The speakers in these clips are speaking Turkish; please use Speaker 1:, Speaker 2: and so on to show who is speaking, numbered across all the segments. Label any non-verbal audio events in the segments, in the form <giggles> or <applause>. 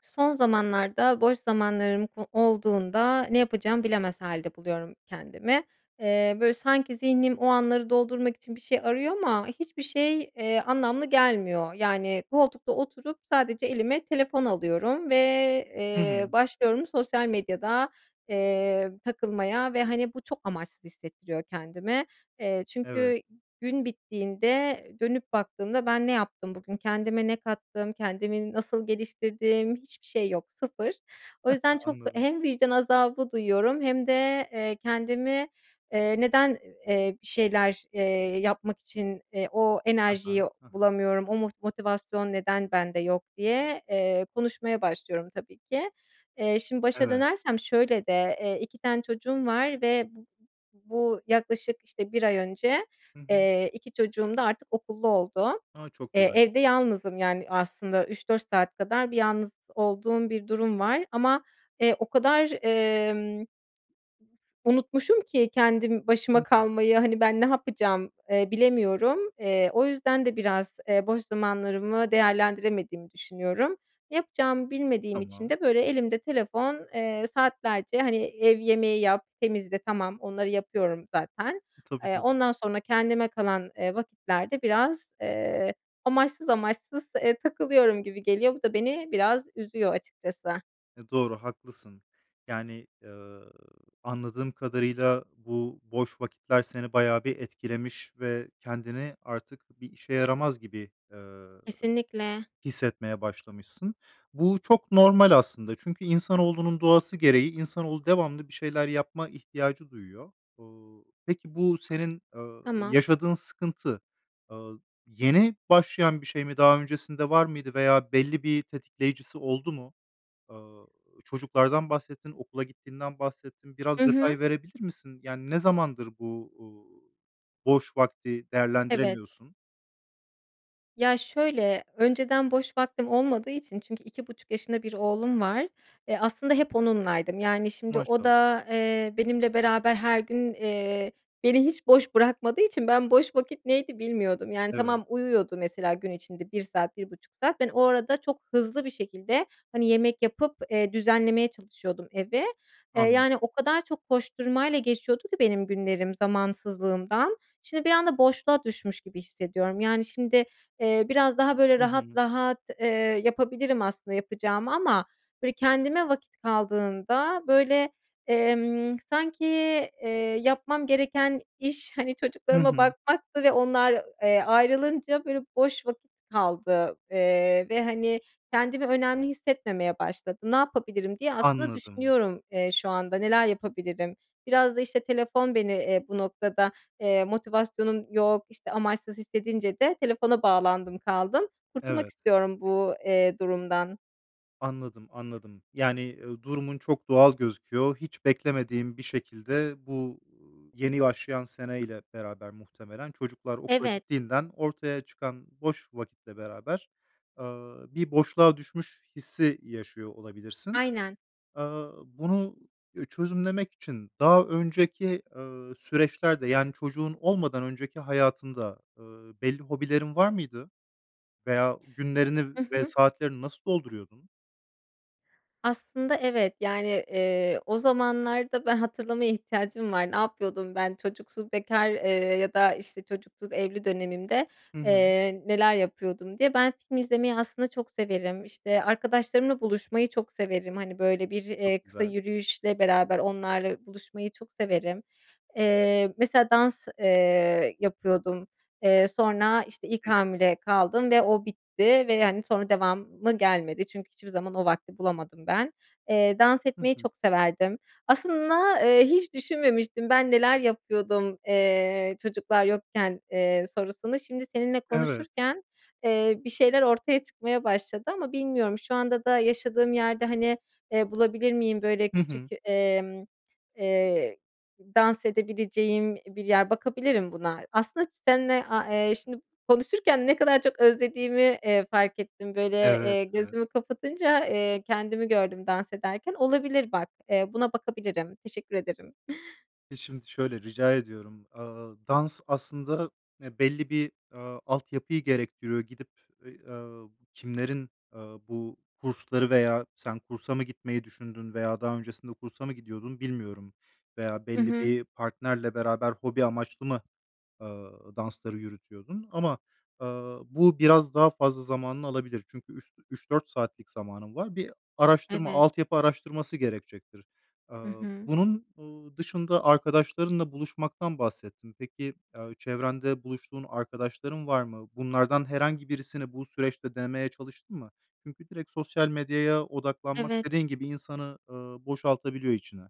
Speaker 1: Son zamanlarda boş zamanlarım o olduğunda ne yapacağımı bilemez hâlde buluyorum kendimi. Eee, böyle sanki zihnim o anları doldurmak için bir şey arıyor ama hiçbir şey, eee, anlamlı gelmiyor. Yani koltukta oturup sadece elime telefon alıyorum ve,
Speaker 2: Hı
Speaker 1: eee,
Speaker 2: hı.
Speaker 1: başlıyorum sosyal medyada, eee, takılmaya. Ve hani, bu çok amaçsız hissettiriyor kendimi, eee,
Speaker 2: Evet.
Speaker 1: çünkü gün bittiğinde dönüp baktığımda "Ben ne yaptım bugün, kendime ne kattım, kendimi nasıl geliştirdim?" hiçbir şey yok, sıfır. O yüzden
Speaker 2: <giggles>
Speaker 1: çok
Speaker 2: Anladım.
Speaker 1: hem vicdan azabı duyuyorum hem de, eee, "Kendimi, eee, neden, eee, bir şeyler, eee, yapmak için, eee, o
Speaker 2: Hı
Speaker 1: enerjiyi
Speaker 2: hı, hı hı.
Speaker 1: bulamıyorum, o mot motivasyon neden bende yok?" diye, eee, konuşmaya başlıyorum tabii ki. Eee, şimdi başa
Speaker 2: Evet.
Speaker 1: dönersem şöyle de: Eee, 2 tane çocuğum var ve bu bu yaklaşık işte, 1 ay önce,
Speaker 2: Hı hı.
Speaker 1: eee, 2 çocuğum da artık okullu oldu.
Speaker 2: A! Çok
Speaker 1: Eee,
Speaker 2: güzel.
Speaker 1: evde yalnızım yani aslında 3-4 saat kadar bir yalnız olduğum bir durum var ama, eee, o kadar, emm, unutmuşum ki kendim
Speaker 2: Hı
Speaker 1: başıma
Speaker 2: hı.
Speaker 1: kalmayı hani, "Ben ne yapacağım?" eee, bilemiyorum, eee, o yüzden de biraz, eee, boş zamanlarımı değerlendiremediğimi düşünüyorum. Ne yapacağımı bilmediğim için
Speaker 2: Tamam.
Speaker 1: de böyle elimde telefon, eee, saatlerce hani, ev yemeği yap, temizle tamam onları yapıyorum zaten,
Speaker 2: Tabii,
Speaker 1: eee,
Speaker 2: tabii.
Speaker 1: ondan sonra kendime kalan, eee, vakitlerde biraz, eee, amaçsız amaçsız, eee, takılıyorum gibi geliyor. Bu da beni biraz üzüyor açıkçası.
Speaker 2: E, doğru haklısın. Yani, ııı, anladığım kadarıyla bu boş vakitler seni bayağı bir etkilemiş ve kendini artık bir işe yaramaz gibi, eee,
Speaker 1: Kesinlikle.
Speaker 2: hissetmeye başlamışsın. Bu çok normal aslında çünkü insanoğlunun doğası gereği insanoğlu devamlı bir şeyler yapma ihtiyacı duyuyor. Peki, bu senin, ııı,
Speaker 1: Tamam.
Speaker 2: yaşadığın sıkıntı, aaa, yeni başlayan bir şey mi? Daha öncesinde var mıydı veya belli bir tetikleyicisi oldu mu? Aaa, çocuklardan bahsettin, okula gittiğinden bahsettin,
Speaker 1: I
Speaker 2: biraz
Speaker 1: hı.
Speaker 2: detay verebilir misin? Yani, ne zamandır bu, uuu, boş vakti
Speaker 1: Evet
Speaker 2: değerlendiremiyorsun?
Speaker 1: Ya, şöyle: Önceden boş vaktim olmadığı için çünkü 2,5 yaşında bir oğlum var. Eee, aslında hep onunlaydım. Yani, şimdi o
Speaker 2: Maşallah.
Speaker 1: da, eee, benimle beraber her gün, eee beni hiç boş bırakmadığı için ben boş vakit neydi, bilmiyordum. Yani,
Speaker 2: Evet.
Speaker 1: tamam uyuyordu mesela gün içerisinde 1 saat, 1,5 saat. Ben o arada çok hızlı bir şekilde hani, yemek yapıp, eee, düzenlemeye çalışıyordum evi. Eee, yani,
Speaker 2: Anladım.
Speaker 1: o kadar çok koşturmayla geçiyordu ki benim günlerim zamansızlığımdan. Şimdi bir anda boşluğa düşmüş gibi hissediyorum. Yani, şimdi, eee, biraz daha böyle
Speaker 2: I
Speaker 1: rahat
Speaker 2: hı.
Speaker 1: rahat, eee, yapabilirim aslında yapacağımı ama böyle, kendime vakit kaldığında böyle, emm, sanki, eee, yapmam gereken iş hani,
Speaker 2: Hı
Speaker 1: çocuklarıma
Speaker 2: hı.
Speaker 1: bakmaktı ve onlar, eee, ayrılınca böyle boş vakit kaldı, eee, ve hani, kendimi önemli hissetmemeye başladım. "Ne yapabilirim?" diye aslında
Speaker 2: Anladım.
Speaker 1: düşünüyorum, eee, şu anda, "Neler yapabilirim?" Biraz da işte, telefon beni, eee, bu noktada, eee motivasyonum yok işte, amaçsız hissedince de telefona bağlandım kaldım. Kurtulmak
Speaker 2: Evet.
Speaker 1: istiyorum bu, eee, durumdan.
Speaker 2: Anladım, anladım. Yani, eee, durumun çok doğal gözüküyor. Hiç beklemediğin bir şekilde bu, uuu, yeni başlayan seneyle beraber muhtemelen çocuklar okula
Speaker 1: Evet.
Speaker 2: gittiğinden ortaya çıkan boş vakitle beraber, ııı, bir boşluğa düşmüş hissi yaşıyor olabilirsin.
Speaker 1: Aynen.
Speaker 2: Aaa, bunu, üüü, çözümlemek için daha önceki, ııı, süreçlerde, yani çocuğun olmadan önceki hayatında, ııı, belli hobilerin var mıydı? Veya günlerini
Speaker 1: Hı
Speaker 2: ve
Speaker 1: hı.
Speaker 2: saatlerini nasıl dolduruyordun?
Speaker 1: Aslında, evet. Yani, ııı, o zamanlarda be hatırlamaya ihtiyacım var. Ne yapıyordum ben? "Çocuksuz bekâr, ııı, ya da, işte, çocuksuz evli dönemimde,
Speaker 2: Hı hı.
Speaker 1: ııı, neler yapıyordum?" diye. Ben film izlemeyi aslında çok severim, işte, arkadaşlarımla buluşmayı çok severim. Hani, böyle, bir, eee,
Speaker 2: Çok
Speaker 1: kısa
Speaker 2: güzel.
Speaker 1: yürüyüşle beraber onlarla buluşmayı çok severim. Eee, mesela dans, eee, yapıyordum. Eee, sonra, işte, ilk
Speaker 2: Peki.
Speaker 1: hamile kaldım ve o bitti ve hani sonra devamı gelmedi çünkü hiçbir zaman o vakti bulamadım ben. Iıı, dans
Speaker 2: Hı
Speaker 1: etmeyi
Speaker 2: hı.
Speaker 1: çok severdim. Aslında, eee, hiç düşünmemiştim ben neler yapıyordum, eee, çocuklar yokken, eee, sorusunu. Şimdi seninle
Speaker 2: Evet.
Speaker 1: konuşurken, eee, bir şeyler ortaya çıkmaya başladı ama bilmiyorum şu anda da yaşadığım yerde, hani, eee, bulabilir miyim böyle
Speaker 2: Hı
Speaker 1: küçük,
Speaker 2: hı.
Speaker 1: emm, ıııı, dans edebileceğim bir yer, bakabilirim buna. Aslında ç seninle, aaa, eee, şimdi konuşurken ne kadar çok özlediğimi, eee, fark ettim, böyle,
Speaker 2: Evet.
Speaker 1: eee,
Speaker 2: Evet.
Speaker 1: gözümü kapatınca, eee, kendimi gördüm dans ederken. Olabilir bak, eee, buna bakabilirim, teşekkür ederim. <giggles>
Speaker 2: E, şimdi şöyle Rica ediyorum. Iıı, dans aslında, eee, belli bir, aaa, altyapıyı gerektiriyor. Gidip, eee, ııı, kimlerin, eee, bu kursları veya sen kursa mı gitmeyi düşündün veya daha öncesinde kursa mı gidiyordun bilmiyorum. Veya
Speaker 1: Hı
Speaker 2: belli
Speaker 1: hı.
Speaker 2: bir partnerle beraber hobi amaçlı mı, ııı, dansları yürütüyordun? Ama, aaa, bu biraz daha fazla zamanını alabilir. Çünkü üş üç 4 saatlik zamanın var. Bir araştırma,
Speaker 1: Evet.
Speaker 2: altyapı araştırması gerekecektir.
Speaker 1: Hı
Speaker 2: Iıı,
Speaker 1: hı.
Speaker 2: bunun, ııı, dışında arkadaşlarınla buluşmaktan bahsettin. Peki, eee, çevrende buluştuğun arkadaşların var mı? Bunlardan herhangi birisini bu süreçte denemeye çalıştın mı? Çünkü direkt sosyal medyaya odaklanmak
Speaker 1: Evet.
Speaker 2: dediğin gibi, insanın, ııı, boşaltabiliyor içini.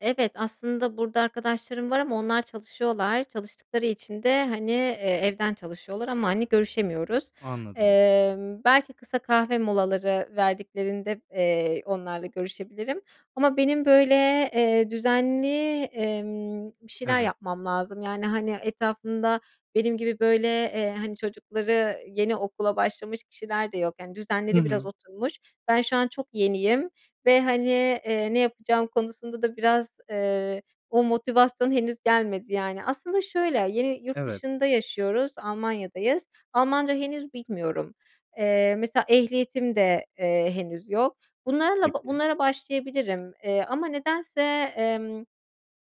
Speaker 1: Evet, aslında burada arkadaşlarım var ama onlar çalışıyorlar, çalıştıkları için de hani, eee, evden çalışıyorlar ama hani, görüşemiyoruz.
Speaker 2: Anladım.
Speaker 1: Emm, belki kısa kahve molaları verdiklerinde, eee, onlarla görüşebilirim ama benim böyle, eee, düzenli, emm, bir şeyler
Speaker 2: Evet.
Speaker 1: yapmam lazım yani hani, etrafımda benim gibi böyle, eee, hani, çocukları yeni okula başlamış kişiler de yok yani,
Speaker 2: Hı
Speaker 1: düzenleri biraz
Speaker 2: hı.
Speaker 1: oturmuş. Ben şu an çok yeniyim ve hani, eee, ne yapacağım konusunda da biraz, eee, o motivasyon henüz gelmedi yani. Aslında şöyle, yeni yurt
Speaker 2: Evet.
Speaker 1: dışında yaşıyoruz, Almanya'dayız. Almanca henüz bilmiyorum. Eee, mesela ehliyetim de, eee, henüz yok. Bunlarla ba
Speaker 2: Peki.
Speaker 1: bunlara başlayabilirim. Eee, ama nedense, emm,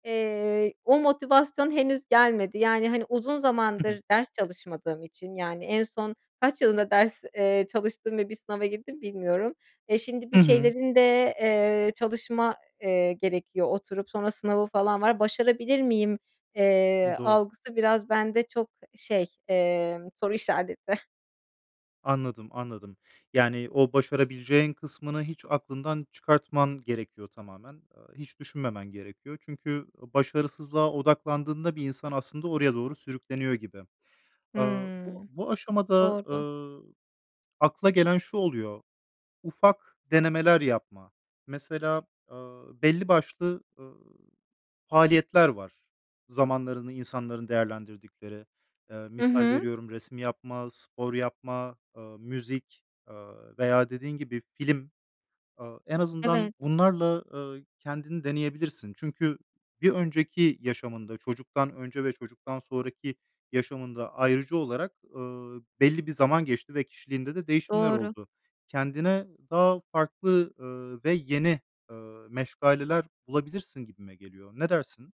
Speaker 1: eee, o motivasyon henüz gelmedi. Yani, hani, uzun
Speaker 2: Hı hı.
Speaker 1: zamandır ders çalışmadığım için, yani en son kaç yılında ders, eee, çalıştım ve bir sınava girdim bilmiyorum. Eee, şimdi bir
Speaker 2: Hı hı.
Speaker 1: şeylerin de, eee, çalışma, eee, gerekiyor oturup sonra sınavı falan var. Başarabilir miyim,
Speaker 2: Hımm,
Speaker 1: eee,
Speaker 2: doğ
Speaker 1: algısı biraz bende çok şey, emm, soru işareti.
Speaker 2: Anladım. Anladım. Yani, o başarabileceğin kısmını hiç aklından çıkartman gerekiyor tamamen. Iıı, hiç düşünmemen gerekiyor. Çünkü o başarısızlığa odaklandığında bir insan aslında oraya doğru sürükleniyor gibi. Aaa, bu
Speaker 1: Hımm.
Speaker 2: bu aşamada,
Speaker 1: Doğru.
Speaker 2: ııı, akla gelen şu oluyor: Ufak denemeler yapma. Mesela, ııı, belli başlı, ııı, faaliyetler var, zamanlarını insanların değerlendirdikleri. Eee,
Speaker 1: Hı
Speaker 2: misal
Speaker 1: hı.
Speaker 2: veriyorum, resim yapma, spor yapma, ııı, müzik, ııı, veya, dediğin gibi, film. Aaa, en azından
Speaker 1: Evet.
Speaker 2: bunlarla, ııı, kendini deneyebilirsin. Çünkü bir önceki yaşamında, çocuktan önce ve çocuktan sonraki yaşamında, ayırıcı olarak, ııı, belli bir zaman geçti ve kişiliğinde de değişimler
Speaker 1: Doğru.
Speaker 2: oldu. Kendine daha farklı, ııı, ve yeni, ııı, meşgaleler bulabilirsin gibime geliyor. Ne dersin?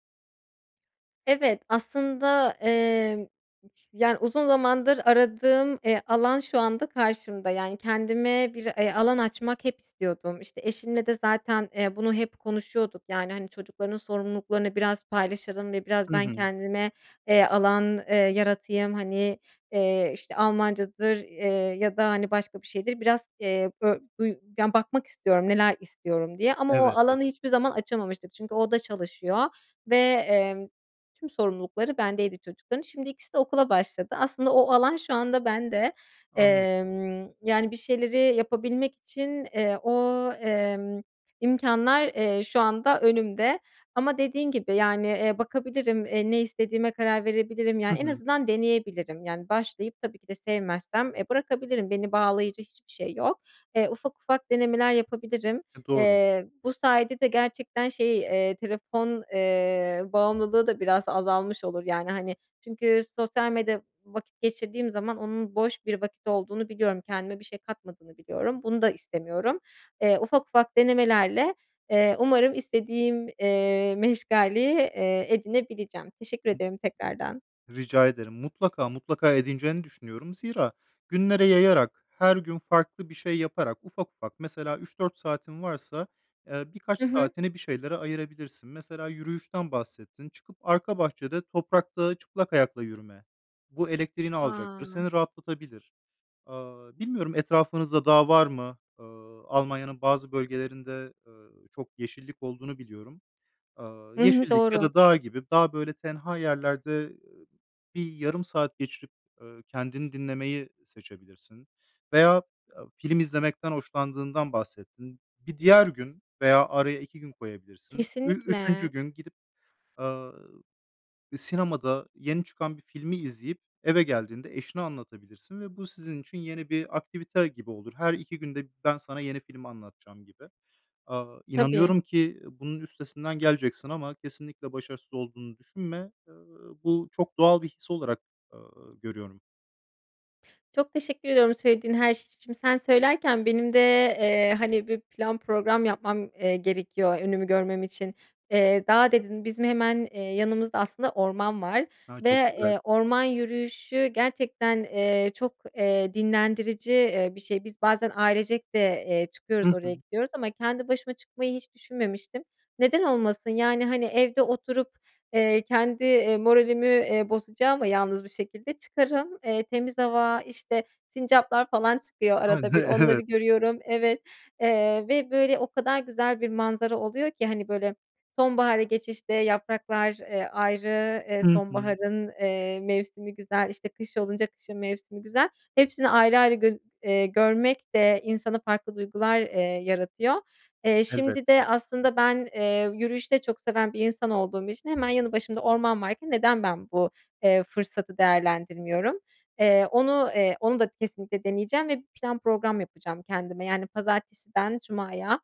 Speaker 1: Evet. Aslında, emm, <unintelligible> yani, uzun zamandır aradığım, eee, alan şu anda karşımda. Yani, kendime bir e alan açmak hep istiyordum. İşte, eşimle de zaten, eee, bunu hep konuşuyorduk. Yani, hani, çocukların sorumluluklarını biraz paylaşalım ve biraz
Speaker 2: Hı
Speaker 1: ben
Speaker 2: hı.
Speaker 1: kendime, eee, alan, eee, yaratayım. Hani, eee, işte, Almancadır, eee, ya da, hani, başka bir şeydir, biraz e bö buy ya, bakmak istiyorum, “Neler istiyorum?” diye ama o
Speaker 2: Evet,
Speaker 1: alanı
Speaker 2: evet.
Speaker 1: hiçbir zaman açamamıştık. Çünkü o da çalışıyor ve, emm, tüm sorumlulukları bendeydi çocukların. Şimdi ikisi de okula başladı. Aslında o alan şu anda bende.
Speaker 2: Anladım.
Speaker 1: Emm, yani, bir şeyleri yapabilmek için, eee, o, emm, imkânlar, eee, şu anda önümde. Ama dediğin gibi, yani, eee, bakabilirim, eee, ne istediğime karar verebilirim.
Speaker 2: Hı
Speaker 1: Yani, en
Speaker 2: hı.
Speaker 1: azından deneyebilirim. Yani, başlayıp tabii ki de sevmezsem, eee, bırakabilirim, beni bağlayıcı hiçbir şey yok. Eee, ufak ufak denemeler yapabilirim.
Speaker 2: E, doğru.
Speaker 1: Eee, bu sayede de gerçekten şey, eee, telefon, eee, bağımlılığı da biraz azalmış olur. Yani, hani, çünkü sosyal medya vakit geçirdiğim zaman onun boş bir vakit olduğunu biliyorum, kendime bir şey katmadığını biliyorum, bunu da istemiyorum. Eee, ufak ufak denemelerle, eee, umarım istediğim, eee, meşgaleyi, eee, edinebileceğim. Teşekkür
Speaker 2: <unintelligible>
Speaker 1: ederim tekrardan.
Speaker 2: Rica ederim. Mutlaka, mutlaka edineceğini düşünüyorum. Zira, günlere yayarak, her gün farklı bir şey yaparak ufak ufak mesela 3-4 saatin varsa, eee, birkaç
Speaker 1: Hı hı.
Speaker 2: saatini bir şeylere ayırabilirsin. Mesela yürüyüşten bahsettin: Çıkıp arka bahçede toprakta çıplak ayakla yürüme. Bu elektriğini alacaktır,
Speaker 1: A!
Speaker 2: seni rahatlatabilir. Aaa, bilmiyorum etrafınızda dağ var mı? Aaa, Almanya'nın bazı bölgelerinde, ııı, çok yeşillik olduğunu biliyorum. Aaa,
Speaker 1: Hı hı.
Speaker 2: yeşillik ya
Speaker 1: Doğru.
Speaker 2: da dağ gibi, daha, böyle, tenha yerlerde, ııı, bir yarım saat geçirip, ııı, kendini dinlemeyi seçebilirsin veya, aaa, film izlemekten hoşlandığından bahsettin. Bir diğer gün veya araya 2 gün koyabilirsin. Ü
Speaker 1: Kesinlikle.
Speaker 2: üçüncü gün gidip, aaa, sinemada yeni çıkan bir filmi izleyip eve geldiğinde eşine anlatabilirsin ve bu sizin için yeni bir aktivite gibi olur. Her 2 günde b ben sana yeni filmi anlatacağım gibi. Aaa,
Speaker 1: Tabii.
Speaker 2: inanıyorum ki, ııı, bunun üstesinden geleceksin ama kesinlikle başarısız olduğunu düşünme. Iıı, bu çok doğal bir his olarak, ııı, görüyorum.
Speaker 1: Çok teşekkür ediyorum söylediğin her şey için. Sen söylerken benim de, eee, hani, bir plan program yapmam, eee, gerekiyor önümü görmem için. Eee, "dağ" dedin, bizim hemen, eee, yanımızda aslında orman var
Speaker 2: A!
Speaker 1: ve,
Speaker 2: Çok güzel.
Speaker 1: eee, orman yürüyüşü gerçekten, eee, çok, eee, dinlendirici, eee, bir şey. Biz bazen ailecek de, eee, çıkıyoruz,
Speaker 2: Hı
Speaker 1: oraya
Speaker 2: hı.
Speaker 1: gidiyoruz ama kendi başıma çıkmayı hiç düşünmemiştim. Neden olmasın? Yani, hani, evde oturup, eee, kendi, eee, moralimi, eee, bozacağıma yalnız bir şekilde, çıkarım, eee, temiz hava, işte, sincaplar falan çıkıyor
Speaker 2: <unintelligible>
Speaker 1: arada
Speaker 2: E
Speaker 1: bir, onları
Speaker 2: evet.
Speaker 1: görüyorum. Evet, eee, ve, böyle, o kadar güzel bir manzara oluyor ki, hani, böyle, sonbahara geçişte yapraklar, eee, ayrı, eee,
Speaker 2: Hı hı.
Speaker 1: sonbaharın, eee, mevsimi güzel, işte, kış olunca kışın mevsimi güzel. Hepsini ayrı ayrı gör eee, görmek de insana farklı duygular, eee, yaratıyor. Eee, şimdi
Speaker 2: Elbette,
Speaker 1: de aslında
Speaker 2: <unintelligible>
Speaker 1: ben, eee, yürüyüşü de çok seven bir insan olduğum için hemen yanı başımda orman varken neden ben bu, eee, fırsatı değerlendirmiyorum? Eee, onu eee, onu da kesinlikle deneyeceğim ve plan program yapacağım kendime, yani, "Pazartesiden cumaya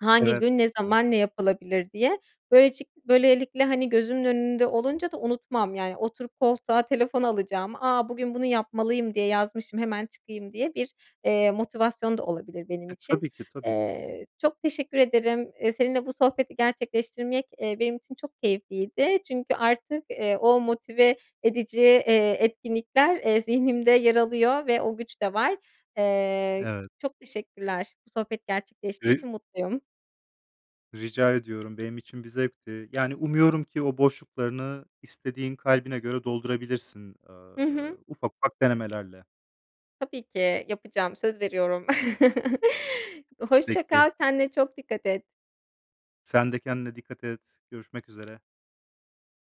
Speaker 1: hangi
Speaker 2: Evet.
Speaker 1: gün, ne
Speaker 2: Evet.
Speaker 1: zaman, ne yapılabilir?" diye. Böylecik böylelikle, hani, gözümün önünde olunca da unutmam. Yani, oturup koltuğa telefon alacağıma, “A, bugün bunu yapmalıyım diye yazmışım, hemen çıkayım.” diye bir, eee, motivasyon da olabilir benim
Speaker 2: E,
Speaker 1: için.
Speaker 2: tabii ki, tabii ki.
Speaker 1: Eee, çok teşekkür ederim. Eee, seninle bu sohbeti gerçekleştirmek, eee, benim için çok keyifliydi çünkü artık, eee, o motive edici, eee, etkinlikler, eee, zihnimde yer alıyor ve o güç de var. Eee,
Speaker 2: Evet.
Speaker 1: çok teşekkürler. Bu sohbet gerçekleştiği
Speaker 2: <unintelligible>
Speaker 1: için mutluyum.
Speaker 2: Rica ediyorum, benim için bir zevkti. Yani umuyorum ki o boşluklarını istediğin kalbine göre doldurabilirsin, eee
Speaker 1: Hı hı.
Speaker 2: ufak ufak denemelerle.
Speaker 1: Tabii ki. Yapacağım, söz veriyorum. <chuckles> Hoşça
Speaker 2: Peki.
Speaker 1: kal, kendine çok dikkat et.
Speaker 2: Sen de kendine dikkat et, görüşmek üzere.